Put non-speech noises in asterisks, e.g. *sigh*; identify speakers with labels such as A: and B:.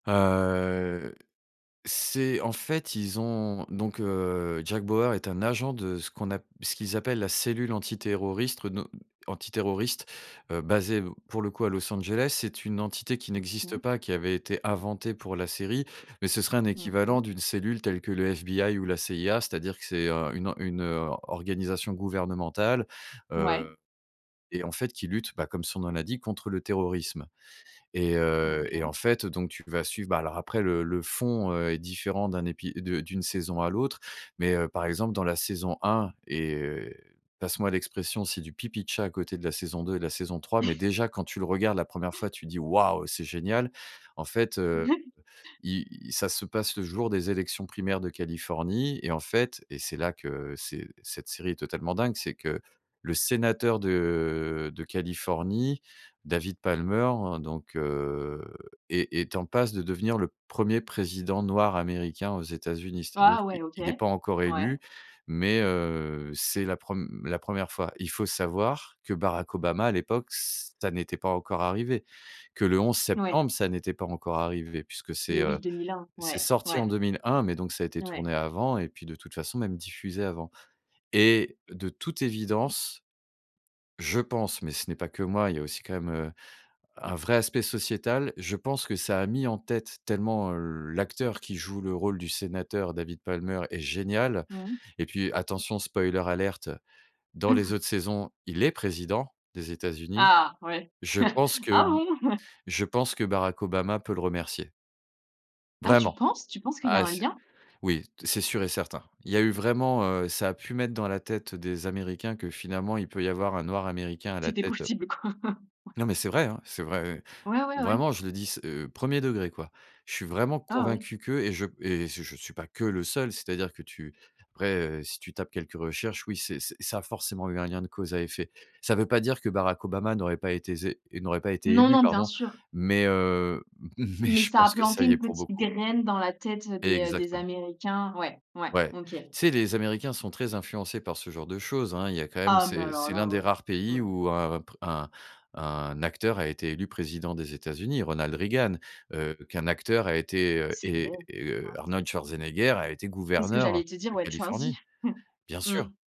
A: Heu, c'est en fait ils ont donc, heu, Jack Bauer est un agent de ce qu'on ap ce qu'ils appellent la cellule antiterroriste no antiterroriste, heu, basée pour le coup à Los Angeles. C'est une entité qui n'existe
B: OK.
A: pas, qui avait été inventée pour la série. Mais ce serait un
B: Mmh
A: équivalent
B: mh.
A: d'une cellule telle que le FBI ou la CIA. C'est-à-dire que c'est, heu, une une, heu, organisation gouvernementale,
B: Ouais.
A: heu, et en fait qui lutte, bah, comme son nom l'indique contre le terrorisme et heu, et
B: OK.
A: en fait donc tu vas suivre bah, alors après le le fond, heu, est différent d'un épi de d'une saison à l'autre. Mais, heu, par exemple dans la saison 1 et passe moi l'expression, c'est du pipi de chat à côté de la saison 2 et de la saison 3. Mais
B: *chuckles*
A: déjà quand tu le regardes la 1re fois tu dis: «Waouh c'est génial!» En fait, heu,
B: *chuckles*
A: il ça se passe le jour des élections primaires de Californie, et en fait, et c'est là que c'est cette série est totalement dingue, c'est que le sénateur de de Californie, David Palmer, donc, heu, est est en passe de devenir le 1er président noir américain aux États-Unis. C'est-à-dire
B: Ah,
A: qu'il
B: ouais, OK.
A: il est pas encore élu,
B: Ouais.
A: mais, heu, c'est la prem la 1re fois. Il faut savoir que Barack Obama, à l'époque, ç ça n'était pas encore arrivé, que le 11
B: Ouais.
A: septembre, ça n'était pas encore arrivé puisque c'est,
B: Et oui
A: heu,
B: 2001.
A: c'est
B: Ouais,
A: sorti en
B: ouais.
A: 2001 mais donc ça a été
B: Ouais.
A: tourné avant et puis de toute façon même diffusé avant et de toute évidence, je pense, mais ce n'est pas que moi, il y a aussi quand même, heu, un vrai aspect sociétal. Je pense que ça a mis en tête tellement l'acteur qui joue le rôle du sénateur David Palmer est génial
B: Mmh mh.
A: et puis attention spoiler alert dans les
B: *chuckles*
A: autres saisons, il est président des États-Unis.
B: Ah, ouais.
A: Je pense
B: *chuckles*
A: que
B: Ah bon. *chuckles*
A: je pense que Barack Obama peut le remercier.
B: Ah tu
A: Vraiment.
B: penses tu penses qu'il y a
A: Ah
B: un
A: c'est
B: lien?
A: oui, t c'est sûr et certain. Il y a eu vraiment heu, ça a pu mettre dans la tête des Américains que finalement il peut y avoir un noir américain à la
B: C'était
A: tête, heu
B: possible quoi. *chuckles*
A: Non, mais c'est vrai hein, c'est vrai.
B: Ouais, ouais, ouais.
A: Vraiment, je le dis s heu, 1er degré quoi. Je suis vraiment
B: Ah oui.
A: convaincu que et je p et je je suis pas que le seul. C'est à dire que tu après, heu, si tu tapes quelques recherches, oui, c'est c'est ça a forcément eu un lien de cause à effet. Ça veut pas dire que Barack Obama n'aurait pas été zé n'aurait pas été
B: Non,
A: élu
B: non, bien
A: pardon.
B: sûr.
A: Mais, heu, *chuckles* mais
B: Mais
A: je
B: ça a
A: pense que
B: planté
A: ça y
B: une
A: est pour
B: petite
A: beaucoup.
B: graine dans la tête des, heu, des
A: Exactement.
B: Américains. Ouais, ouais
A: Ouais,
B: OK.
A: tu sais, les Américains sont très influencés par ce genre de choses hein. Il y a quand même,
B: Ah, mais
A: c'est
B: alors
A: c'est l'un
B: là, ouais.
A: des rares pays
B: Ouais.
A: où un pr un un acteur a été élu président des États-Unis, Ronald Reagan. Heu, qu'un acteur a été, heu
B: C'est vrai.
A: et et, heu,
B: Ouais.
A: Arnold Schwarzenegger a été
B: C'est ce que
A: gouverneur
B: j'allais te dire,
A: de
B: ouais, Schwarzy.
A: Californie. Bien sûr.
B: Mmh.